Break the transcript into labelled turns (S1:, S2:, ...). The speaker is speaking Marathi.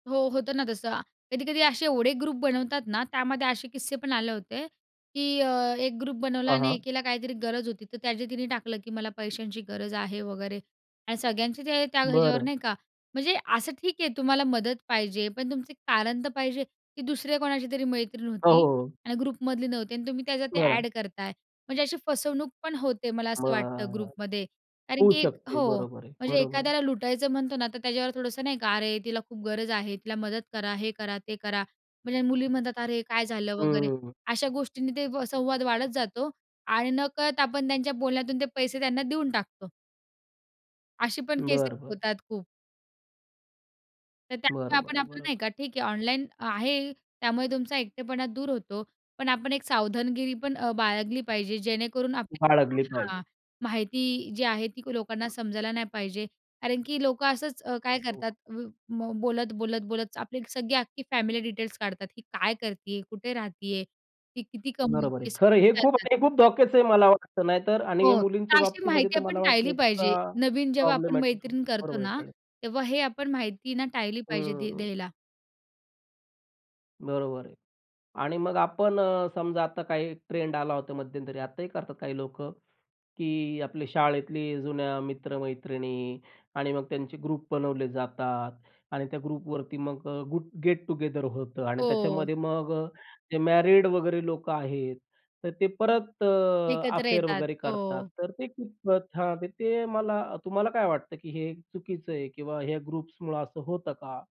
S1: हो, होतं ना तसं. कधी-कधी असे एवढे ग्रुप बनवतात ना, त्यामध्ये असे किस्से पण आले होते की अ, एक ग्रुप बनवला
S2: हां,
S1: आणि
S2: हां.
S1: एकीला काहीतरी गरज होती, तर त्याचे तिने टाकलं की मला पैशांची गरज आहे वगैरे आणि सगळ्यांचे ते त्या ह्याच्यावर
S2: बरं.
S1: नाही का म्हणजे असं ठीक आहे तुम्हाला मदत पाहिजे. पण तुमचं कारण तर पाहिजे, की दुसऱ्या कोणाची तरी मैत्रीण
S2: हो, हो,
S1: होती
S2: हो.
S1: आणि ग्रुपमधली नव्हती आणि तुम्ही त्याचं ते
S2: बरं.
S1: अ‍ॅड करताय. म्हणजे अशी फसवणूक पण होते मला असं
S2: मग
S1: वाटतं
S2: अ,
S1: ग्रुपमध्ये. कारण
S2: होऊ
S1: की
S2: शकते.
S1: हो,
S2: बरोबर आहे.
S1: म्हणजे
S2: बरोबर आहे.
S1: एखाद्याला लुटायचं म्हणतो ना तर त्याच्यावर थोडंसं नाही का अरे, तिला खूप गरज आहे. तिला मदत करा. हे करा, ते करा. म्हणजे मुली म्हणतात अरे, काय झालं वगैरे.
S2: हम्म.
S1: अशा गोष्टींनी ते व संवाद वाढत जातो आणि नकळत आपण त्यांच्या बोलण्यातून ते पैसे त्यांना देऊन टाकतो. अशी पण
S2: बरं,
S1: केसेस
S2: बरं.
S1: होतात खूप. तर त्यामुळे
S2: बरोबर
S1: आपण
S2: आहे,
S1: आपलं नाही
S2: बरोबर
S1: का ठीक आहे
S2: आहे.
S1: ऑनलाईन आहे, त्यामुळे तुमचा एकटेपणा दूर होतो. पण आपण एक सावधानगिरी पण अ, बाळगली पाहिजे जेणेकरून आपली
S2: बाळगली पाहिजे.
S1: हां. माहिती जी आहे ती लोकांना समजायला नाही पाहिजे. कारण की लोकं असंच अ, काय
S2: हो.
S1: करतात उ, म बोलत, बोलत, बोलत आपली सगळी अख्खी फॅमिली डिटेल्स काढतात. ही काय करती आहे? कुठे राहती आहे? ती किती
S2: बरोबर आहे.
S1: कमावतीयेस? ते
S2: खरं आहे
S1: सगळं
S2: हे खूप
S1: विचारतात.
S2: हे खूप धोक्याचं आहे मला वाटतं, नाहीतर आणि
S1: हो, तर
S2: मुलींच्या
S1: अशी
S2: बाबतीमध्ये
S1: माहिती
S2: तर
S1: आपण
S2: मला वाटतं
S1: टाळली पाहिजे.
S2: एक्स्ट्रा
S1: नवीन जेव्हा आपण
S2: प्रॉब्लेमॅटिक
S1: मैत्रीण करतो
S2: बरोबर आहे,
S1: ना,
S2: कळलं.
S1: तेव्हा हे आपण माहिती ना टाळली पाहिजे द्या
S2: हम्म.
S1: द्यायला.
S2: बरोबर आहे आणि मग आपण अ, समजा आता काही ट्रेंड आला होता मध्यंतरी. आताही करतात काही लोकं की आपले शाळेतली जुन्या मित्र-मैत्रिणी आणि मग त्यांचे ग्रुप बनवले जातात आणि त्या ग्रुपवरती मग गुट गेट टुगेदर होतं आणि
S1: हो.
S2: त्याच्यामध्ये मग ते मॅरीड वगैरे लोकं आहेत, तर ते परत अ,
S1: एकत्र
S2: अफेअर
S1: येतात,
S2: वगैरे करतात.
S1: हो.
S2: तर ते कितपत हां, ते मला तुम्हाला काय वाटतं की हे चुकीचं आहे किंवा ह्या ग्रुप्समुळं असं होतं का?